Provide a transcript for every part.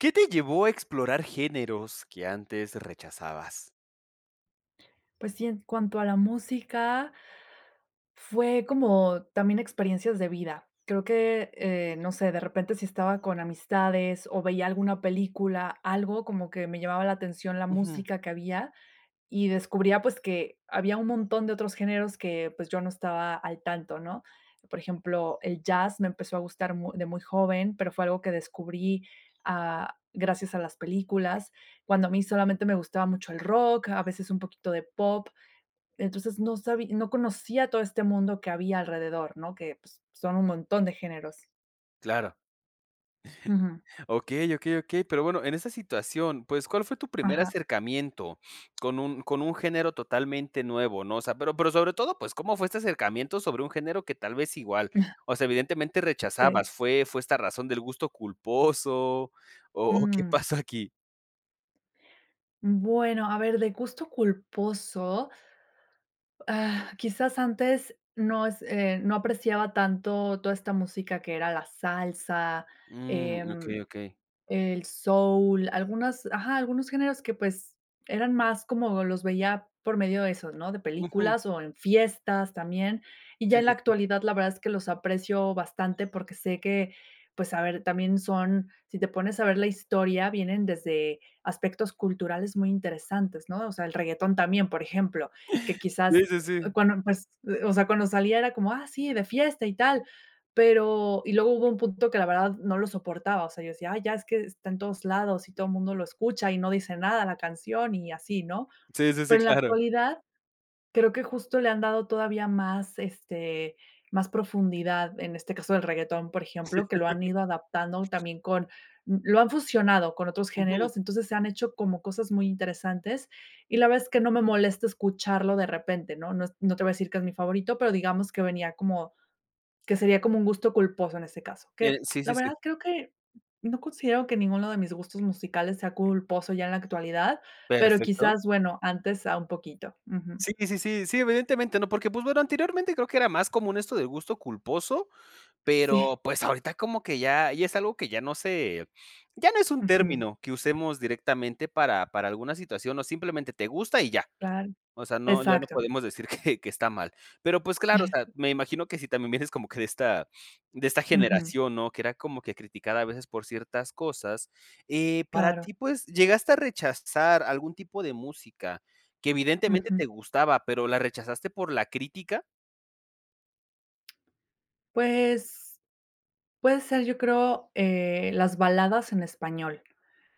¿Qué te llevó a explorar géneros que antes rechazabas? Pues, sí. En cuanto a la música. Fue como también experiencias de vida. Creo que, eh, no sé, de repente, si estaba con amistades, o veía alguna película, algo como que me llamaba la atención la Ujú. música que había, y descubría, pues, que había un montón de otros géneros que, pues, yo no estaba al tanto, ¿no?, por ejemplo, el jazz me empezó a gustar muy de muy joven, pero fue algo que descubrí, ah, gracias a las películas, cuando a mí solamente me gustaba mucho el rock, a veces un poquito de pop. Entonces, no sabí no conocía todo este mundo que había alrededor, ¿no?, que, pues, son un montón de géneros. Claro. Ujú. Okey, okey, okey. Pero, bueno, en esa situación, pues, ¿cuál fue tu primer Ajá. acercamiento con un con un género totalmente nuevo, no?, o sea, pero pero, sobre todo, pues, ¿cómo fue este acercamiento sobre un género que tal vez igual, Ajá. o sea, evidentemente rechazabas? Sí. ¿Fue fue esta razón del gusto culposo o o qué Mm. pasó aquí? Bueno, a ver, de gusto culposo. Ah, quizás antes, no es eh, no apreciaba tanto toda esta música que era la salsa, Mm, em, okey, okey. el soul, algunos, ajá, algunos géneros que, pues, eran más como los veía por medio de eso, ¿no?, de Ujú. películas o en fiestas también, y ya Sí, en la sí, sí. actualidad, la verdad es que los aprecio bastante, porque, sé que, pues, a ver, también son, si te pones a ver la historia vienen desde aspectos culturales muy interesantes, ¿no?, o sea, el reguetón también, por ejemplo, que Sí, quizás sí, sí. cuando empe o sea, cuando salía era como, ah, sí, de fiesta y tal, pero, y luego hubo un punto que la verdad no lo soportaba, o sea, yo decía: "Ay ya, es que está en todos lados y todo mundo lo escucha y no dice nada la canción", y así, ¿no?, Sí, sí, sí, pero, en la claro. actualidad creo que justo le han dado todavía más, este, más profundidad, en este caso del reguetón, por Sí. ejemplo, que lo han ido adaptando, también con lo han fusionado con otros Ujú. géneros, entonces se han hecho como cosas muy interesantes y la verdad es que no me molesta escucharlo de repente, ¿no? No no te voy a decir que es mi favorito, pero, digamos que venía como, que sería como un gusto culposo en ese caso, Eh, que sí, la sí, sí. verdad creo que, no considero que ninguno de mis gustos musicales sea culposo ya en la actualidad, pero, Perfecto. quizás, bueno, antes a un poquito. Ujú. Sí, sí, sí, sí, evidentemente, ¿no?, porque, pues, bueno, anteriormente creo que era más común esto de gusto culposo, Sí. pero, pues, ahorita como que ya ya es algo que, ya, no se ya no es un Ujú. término que usemos directamente para para alguna situación, o simplemente te gusta y ya, Claro, o sea, no, ya no exacto. podemos decir que que está mal. Pero, pues, claro, o sea, me imagino que si también vienes como que de esta de esta Ujú. generación, ¿no?, que era como que criticada a veces por ciertas cosas, eh, para Claro. ti, pues, ¿llegaste a rechazar algún tipo de música, que evidentemente Ujú. te gustaba, pero, la rechazaste por la crítica? Pues, puede ser, yo creo, eh, las baladas en español,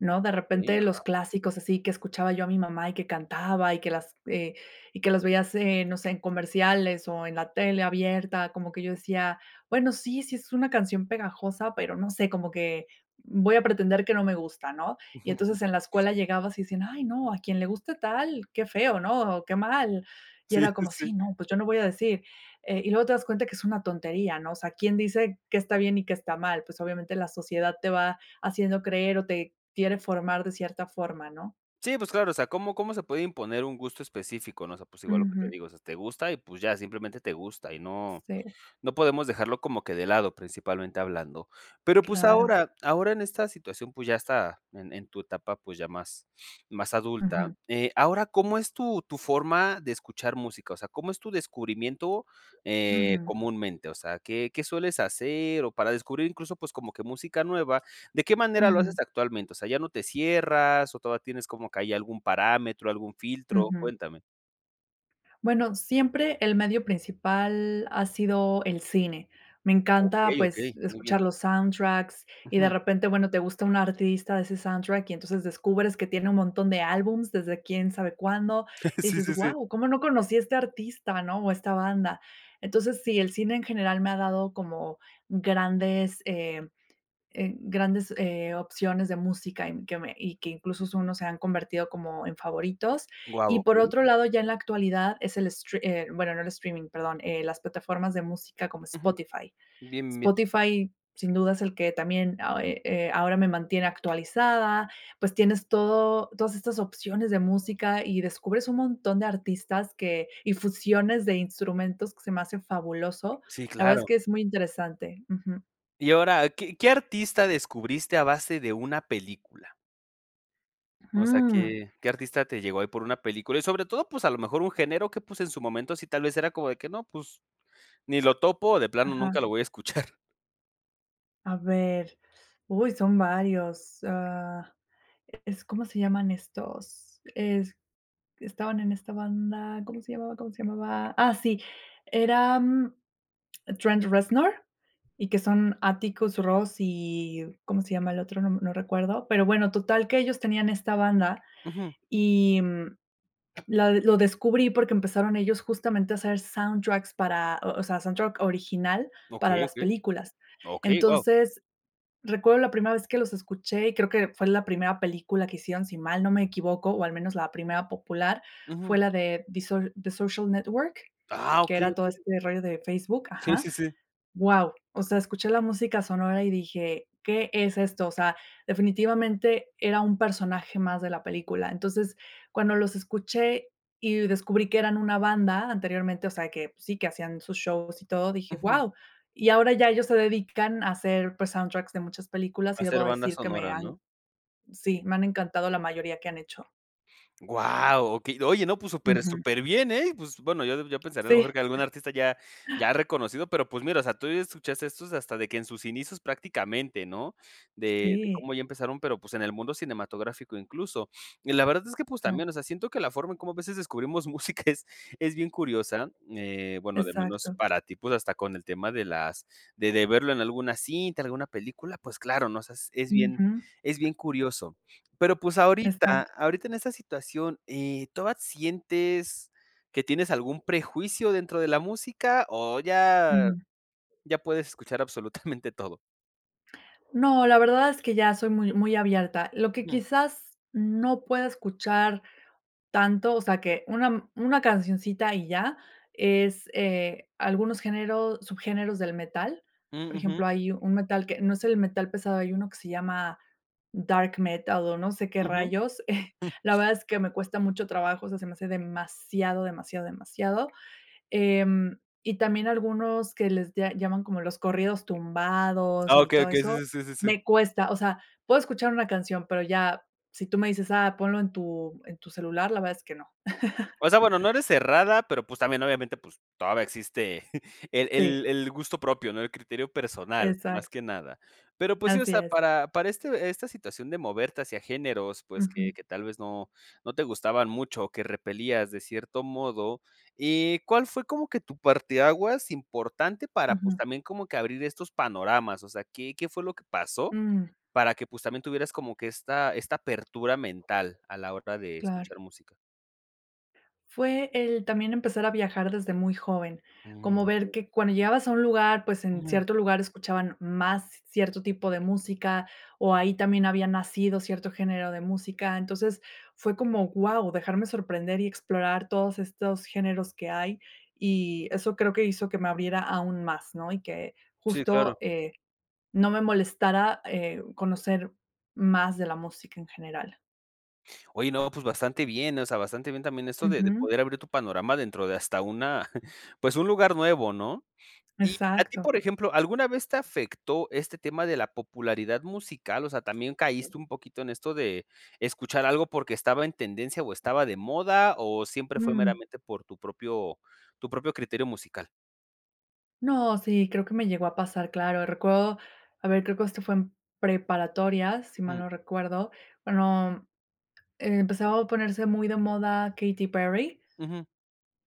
¿no?, de Okey, repente los ajá. clásicos así, que escuchaba yo a mi mamá, y que cantaba, y que las eh, y que las veías en no sé, en comerciales, o en la tele abierta, como que yo decía: "Bueno, sí, sí es una canción pegajosa, pero no sé, como que voy a pretender que no me gusta", ¿no?, y entonces, en la escuela llegabas y decían: "Ay no, a quien le guste tal, qué feo, ¿no?, o qué mal". Y Sí, era sí, como: sí. "Sí, ¿no?, pues, yo no voy a decir", eh, y luego te das cuenta que es una tontería, ¿no?, o sea, quién dice qué está bien y qué está mal, pues, obviamente, la sociedad te va haciendo creer, o te quiere formar de cierta forma, ¿no? Sí, pues claro. O sea, ¿cómo cómo se puede imponer un gusto específico, no?, o sea, pues, igual lo que te Ujú. digo, o sea, te gusta y, pues ya, simplemente te gusta, y no, Sí. no podemos dejarlo como que de lado principalmente hablando. Pero, pues, Claro. ahora ahora en esta situación, pues, ya está en en tu etapa, pues, ya más, más adulta. Ujú. Eh, ahora, ¿cómo es tu tu forma de escuchar música?, o sea, ¿cómo es tu descubrimiento, eh, Ujú. comúnmente?, o sea, ¿qué qué sueles hacer?, o para descubrir incluso, pues, como que música nueva, ¿de qué manera lo haces Ujú. actualmente?, o sea, ¿ya no te cierras, o todavía tienes como que hay algún parámetro, algún filtro?, Ujú. cuéntame. Bueno, siempre el medio principal ha sido el cine. Me encanta, Okey, pues, okey, muy bien. escuchar los soundtracks y, de Ujú. repente, bueno, te gusta un artista de ese soundtrack y, entonces, descubres que tiene un montón de álbums desde quién sabe cuándo, y Sí, dices: sí, sí. "Guau, cómo no conocía este artista, ¿no? o esta banda". Entonces, sí, el cine en general me ha dado como grandes, em, eh, grandes, eh, opciones de música y, mm, que me y que incluso son, o se han convertido como en favoritos. Wao, Y por okey. otro lado, ya en la actualidad es el stre eh, bueno, no el streaming, perdón, eh, las plataformas de música como Ujú. Spotify. Bien, bien. Spotify sin duda es el que también a eh, eh, ahora me mantiene actualizada. Pues, tienes todo todas estas opciones de música y descubres un montón de artistas que y fusiones de instrumentos que se me hace fabuloso. Sí, La verdad, es claro. que es muy interesante. Ujú. Y ahora, ¿qué qué artista descubriste a base de una película? O sea, Mm. ¿qué qué artista te llegó ahí por una película? Y, sobre todo, pues, a lo mejor un género que, pues, en su momento, sí, tal vez era como de que no, pues, ni lo topo o de plano nunca Ajá. lo voy a escuchar. A ver. Uy, son varios, ah, es, ¿cómo se llaman estos? Es estaban en esta banda, ¿cómo se llamaba cómo se llamaba? Ah, sí, eran Trent Reznor y que son Atticus Ross y, ¿cómo se llama el otro? No, no recuerdo. Pero, bueno, total, que ellos tenían esta banda Ujú. y, mm, la lo descubrí, porque, empezaron ellos, justamente, a hacer soundtracks para o o sea, soundtrack original para Okey, las okey. películas. Okey, guau. Entonces, recuerdo la primera vez que los escuché y creo que fue en la primera película que hicieron, si mal no me equivoco, o, al menos, la primera popular Ujú. fue la de The So The Social Network, Ah, que okey, era todo okey. este rollo de Facebook. Sí, Ajá. sí, sí. Guau. O sea, escuché la música sonora y dije: "¿Qué es esto?" O sea, definitivamente, era un personaje más de la película, entonces, cuando los escuché y descubrí que eran una banda anteriormente, o sea, que sí, que hacían sus shows y todo, dije: Ujú. "Guau", y ahora ya ellos se dedican a hacer, pues, soundtracks de muchas películas y Hacer debo banda decir que me sonora, han ¿no? sí, me han encantado la mayoría que han hecho. ¡Guau! Okey, oye, no, pues super Ujú. superbién, ¿eh? Pues, bueno, yo yo pensaría a lo mejor Sí. que algún artista ya ya reconocido, pero pues, mira, o sea, tú ya escuchas estos hasta de que en sus inicios prácticamente, ¿no? De de Sí. cómo ya empezaron, pero pues, en el mundo cinematográfico incluso. Y la verdad es que, pues Ah. también, o sea, siento que la forma en como a veces descubrimos música es es bien curiosa, eh, bueno de menos Exacto. para ti, pues, hasta con el tema de las de de verlo en alguna cinta, alguna película, pues claro, ¿no? O sea es bien Ujú. es bien curioso, pero pues, ahorita Exacto. ahorita en esta situación, eh, ¿toda sientes que tienes algún prejuicio dentro de la música o ya Ujú. ya puedes escuchar absolutamente todo? No, la verdad es que ya soy muy muy abierta. Lo que Mm. quizás no pueda escuchar tanto, o sea, que una una cancioncita y ya, es, eh, algunos géneros subgéneros del metal. Por Mm, ujú. ejemplo, hay un metal que no es el metal pesado, hay 1 que se llama dark metal, o no sé qué Ujú. rayos. La verdad es que me cuesta mucho trabajo, o sea, se me hace demasiado, demasiado, demasiado, em, y también algunos que les lla llaman como los corridos tumbados Ah, y okey, todo okey. eso, Sí, sí, sí, sí. me cuesta. O sea, puedo escuchar una canción, pero, ya si tú me dices: "Ah, ponlo en tu en tu celular, la verdad es que no. O sea, bueno, no eres cerrada, pero, pues, también, obviamente, pues, todavía existe el el Sí. el el gusto propio, ¿no? El criterio personal, Exacto. más que nada. Pero pues, sí o Así sea, es. para para este esta situación de moverte hacia géneros, pues, que Ujú. que tal vez, no no te gustaban mucho, o que repelías de cierto modo, eh, ¿cuál fue como que tu parte aguas importante para, pues, Ujú. también como que abrir estos panoramas? O sea, ¿qué qué fue lo que pasó, Mm. para que, pues, también tuvieras como que esta esta apertura mental a la hora de Claro. escuchar música? Fue el, también empezar a viajar desde muy joven, Mm, como ver okey. que cuando llegabas a un lugar, pues, en Ujú. cierto lugar escuchaban más cierto tipo de música, o ahí también había nacido cierto género de música, entonces fue como: "¡Guau!", dejarme sorprender y explorar todos estos géneros que hay, y eso creo que hizo que me abriera aún más, ¿no? Y que Sí, claro. justo, eh, no me molestara, eh, uh, conocer más de la música en general. Oye, no, pues bastante bien, o sea, bastante bien también esto de de Ujú. poder abrir tu panorama dentro de hasta una, pues, un lugar nuevo, ¿no? Y a ti, Exacto. por ejemplo, ¿alguna vez te afectó este tema de la popularidad musical? O sea, ¿también caíste un poquito en esto de escuchar algo, porque, estaba en tendencia o estaba de moda o siempre fue Mm. meramente, por tu propio tu propio criterio musical? No, sí, creo que me llegó a pasar, claro, recuerdo, a ver, creo que esto fue en preparatoria, si mal Mm. no recuerdo. Bueno, empezaba a ponerse muy de moda Katy Perry. Ujú.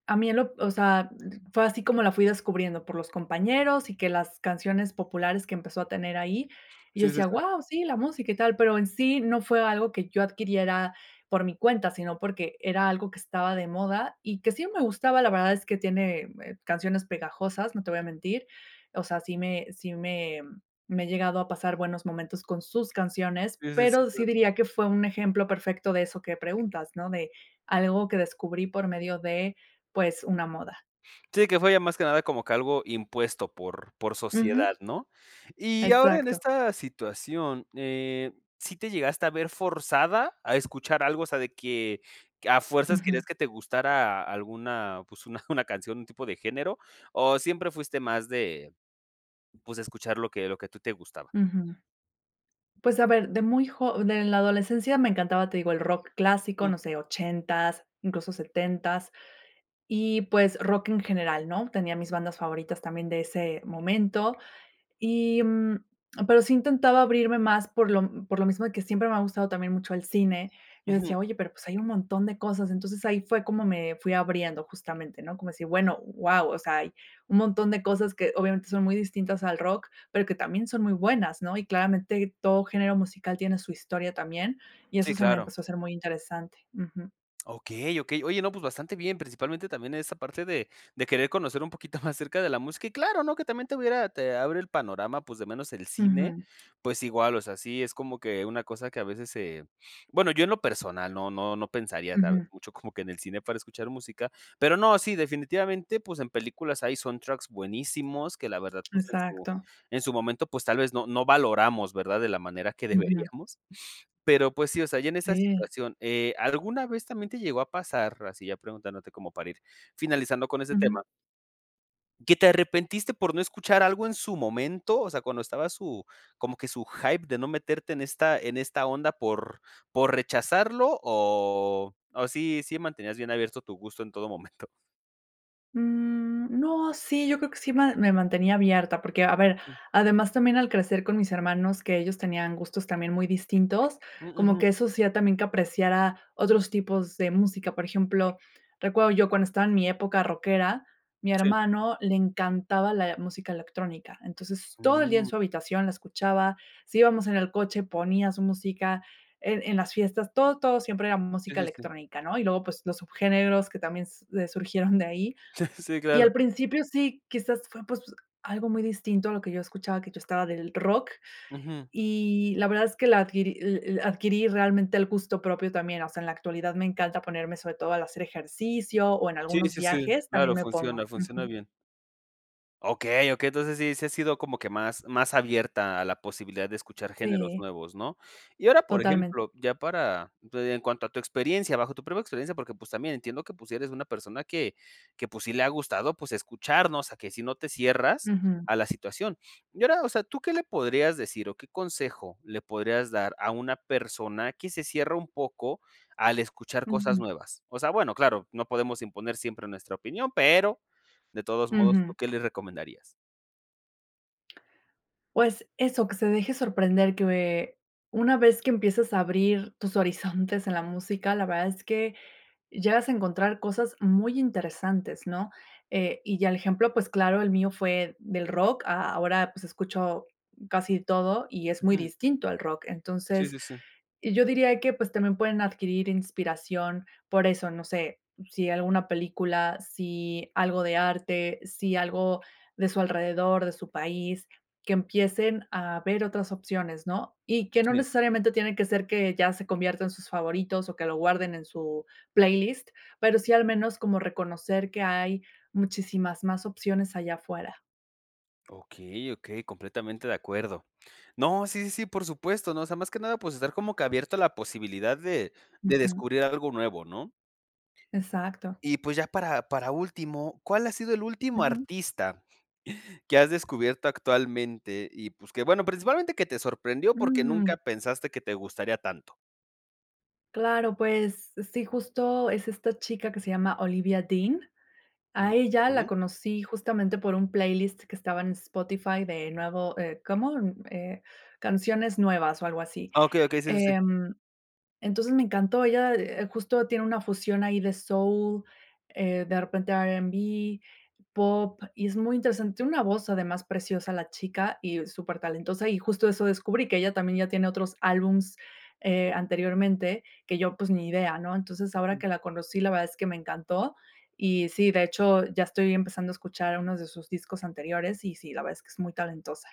A mí en lo, o sea, fue así como la fui descubriendo por los compañeros y que las canciones populares que empezó a tener ahí, y yo Sí, sí, decía: sí. "Guau, sí, la música y tal", pero en sí no fue algo que yo adquiriera por mi cuenta, sino porque, era algo que estaba de moda y que sí me gustaba, la verdad es que tiene, eh, canciones pegajosas, no te voy a mentir, o sea, sí me sí me me he llegado a pasar buenos momentos con sus canciones, Sí, sí, pero, sí claro. diría que fue un ejemplo perfecto de eso que preguntas, ¿no? De algo que descubrí por medio de, pues, una moda. Sí, que fue ya más que nada como que algo impuesto por por sociedad, Ujú. ¿no? Y ahora en Exacto. esta situación, eh, ¿sí te llegaste a ver forzada a escuchar algo? O sea, de que que a fuerzas querías Ujú. que te gustara alguna, pues, una una canción, un tipo de género, o, ¿siempre fuiste más de, pues, escuchar lo que lo que tú te gustaba? Ujú. Pues, a ver, de muy jo de la adolescencia me encantaba, te digo, el rock clásico, Ujú. no sé, ochentas, incluso setentas y, pues, rock en general, ¿no? Tenía mis bandas favoritas, también de ese momento y, mm, pero, sí intentaba abrirme más por lo por lo mismo de que siempre me ha gustado también mucho el cine. Yo Ujú. decía oye, pero, pues, hay un montón de cosas, entonces ahí fue como me fui abriendo justamente, ¿no? Como si, bueno, wao, o sea, hay un montón de cosas que obviamente son muy distintas al rock, pero, que también son muy buenas, ¿no? Y claramente todo género musical tiene su historia también, y Sí, eso se me claro. empezó a ser muy interesante. Ujú. Okey, okey. Oye, no, pues, bastante bien, principalmente también, en esta parte de de querer conocer un poquito más acerca de la música. Y claro, ¿no? Que también te hubiera, te abre el panorama, pues, de menos el cine, Ujú. pues, igual o sea, sí es como que una cosa que a veces se, bueno yo en lo personal no no no pensaría, tal vez, Ujú. mucho como que en el cine para escuchar música, pero no, sí definitivamente, pues, en películas hay soundtracks buenísimos que la verdad pues, en su Exacto. en su momento, pues, tal vez no no valoramos, ¿verdad? De la manera que Ujú. deberíamos. Pero pues, sí o sea, ya en esa Sí. situación, eh, ¿alguna vez, también te llegó a pasar? Así ya preguntándote como para ir finalizando con ese Ujú. tema. ¿Que te arrepentiste por no escuchar algo en su momento? O sea, cuando estaba su como que su hype de no meterte en esta en esta onda por por rechazarlo o, ¿o sí sí mantenías bien abierto tu gusto en todo momento? Mm, no, sí, yo creo que sí me me mantenía abierta porque, a ver, Mm. además también al crecer con mis hermanos, que ellos tenían gustos también muy distintos, Mm, como ujú. que eso hacía también, que apreciara otros tipos de música. Por ejemplo, recuerdo yo cuando estaba en mi época rockera, mi Sí. hermano le encantaba la música electrónica. Entonces, todo el día en Mm. su habitación la escuchaba, si íbamos en el coche ponía su música en en las fiestas, todo todo siempre era Sí, música sí, sí. electrónica ¿no? Y luego pues, los subgéneros que también s eh, surgieron de ahí. Sí, Y claro. al principio sí quizás, fue pues, algo muy distinto a lo que yo escuchaba que yo estaba del rock Ujú. y la verdad es que la adquirí el el adquirí realmente el gusto propio también, o sea, en la actualidad me encanta ponerme sobre todo al hacer ejercicio, o en Sí, algunos sí, sí, viajes también claro, me pongo. funciona funciona Ujú. bien. Okey, okey, entonces sí, sí has sido como que más más abierta a la posibilidad de escuchar géneros Sí. nuevos, ¿no?, y ahora, por Totalmen ejemplo, ya para, pues, en cuanto a tu experiencia, bajo tu propia experiencia porque, pues, también entiendo que, pues, si eres una persona que que, pues, sí le ha gustado, pues, escuchar, ¿no?, o sea, a que si no te cierras Ujú. a la situación. Y ahora, o sea, ¿tú qué le podrías decir, o qué consejo le podrías dar a una persona, que se cierra un poco al escuchar cosas Ujú. nuevas?, o sea, bueno, claro, no podemos imponer siempre nuestra opinión, pero, de todos modos, ¿tú Ujú. qué les recomendarías? Pues eso, que se deje sorprender, que una vez que empiezas a abrir tus horizontes en la música, la verdad es que, llegas a encontrar cosas muy interesantes, ¿no?, eh, y ya el ejemplo, pues, claro el mío fue del rock, a ahora, pues, escucho casi todo y es muy Ujú. distinto al rock. Sí, Entonces, sí, sí. y yo diría que, pues, también pueden adquirir inspiración por eso, no sé, si alguna película, si algo de arte, si algo de su alrededor, de su país, que empiecen a ver otras opciones, ¿no?, y que no Sí. necesariamente, tiene que ser que ya se conviertan sus favoritos, o que lo guarden en su playlist, pero sí, al menos como reconocer que hay, muchísimas más opciones allá afuera. Okey, okey, completamente de acuerdo. No, sí, sí, sí, por supuesto, no, o sea, más que nada, pues, estar como que abierto a la posibilidad de de Ujú. descubrir algo nuevo, ¿no? Exacto. Y, pues, ya para para último, ¿cuál ha sido el último Ujú. artista que has descubierto actualmente? Y, pues, que bueno, principalmente que te sorprendió, porque, Mm. nunca pensaste que te gustaría tanto. Claro, pues, sí, justo es esta chica que se llama Olivia Dean. A ella la Okey. conocí justamente por un playlist que estaba en Spotify de nuevo, eh, ¿cómo? Eh, canciones nuevas o algo así. Okey, okey, sí, sí, sí. Em, entonces, me encantó, ella, eh, justo tiene una fusión ahí de soul, eh, de repente r&b, pop, y es muy interesante. Una voz además preciosa la chica y súper talentosa, y justo eso descubrí que ella también, ya tiene otros álbumes, eh, anteriormente que yo, pues, ni idea, ¿no? Entonces, ahora Mm. que la conocí la verdad es que me encantó y sí de hecho ya estoy empezando a escuchar unos de sus discos anteriores, y sí la verdad es que es muy talentosa.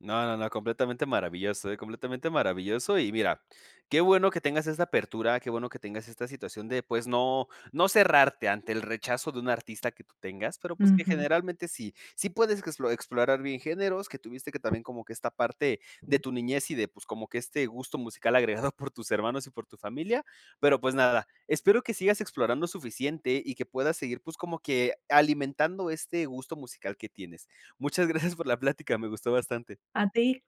No, no, no, completamente maravilloso, eh, completamente maravilloso y mira, qué bueno que tengas esa apertura, qué bueno que tengas esta situación de, pues, no no cerrarte ante el rechazo de un artista que tú tengas, pero pues, que Ujú. generalmente sí sí puedes explo explorar bien géneros, que tuviste que también como que esta parte de tu niñez y de pues, como que este gusto musical agregado por tus hermanos y por tu familia, pero pues nada, espero que sigas explorando suficiente y que puedas seguir, pues, como que alimentando este gusto musical que tienes. Muchas gracias por la plática, me gustó bastante. A ti.